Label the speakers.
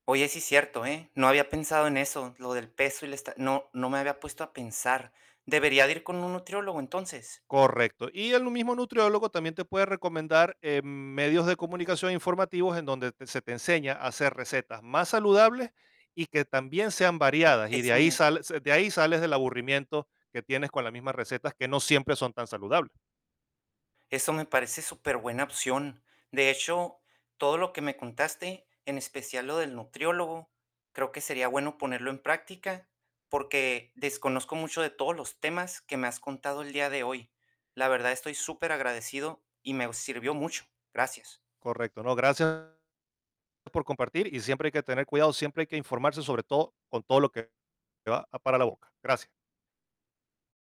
Speaker 1: Oye, sí, cierto, ¿eh? No había pensado en eso, lo del peso y la esta no, no me había puesto a pensar. ¿Debería de ir con un nutriólogo entonces?
Speaker 2: Correcto. Y el n mismo nutriólogo también te puede recomendar, eh, medios de comunicación informativos en donde se te enseña a hacer recetas más saludables y que también sean
Speaker 1: [unintelligible]
Speaker 2: variadas. Y de
Speaker 1: Eso
Speaker 2: ahí
Speaker 1: me
Speaker 2: sales de ahí sales del aburrimiento que tienes con las mismas recetas, que no siempre son tan saludables.
Speaker 1: eso me parece superbuena opción. De hecho, todo lo que me contaste, en especial lo del nutriólogo, creo que sería bueno ponerlo en práctica, porque desconozco mucho de todos los temas que me has contado el día de hoy. La verdad, estoy superagradecido y me sirvió mucho. Gracias.
Speaker 2: Correcto. No, gracias por compartir. Y siempre hay que tener cuidado, siempre hay que informarse sobre todo, con todo lo que va para la boca. Gracias.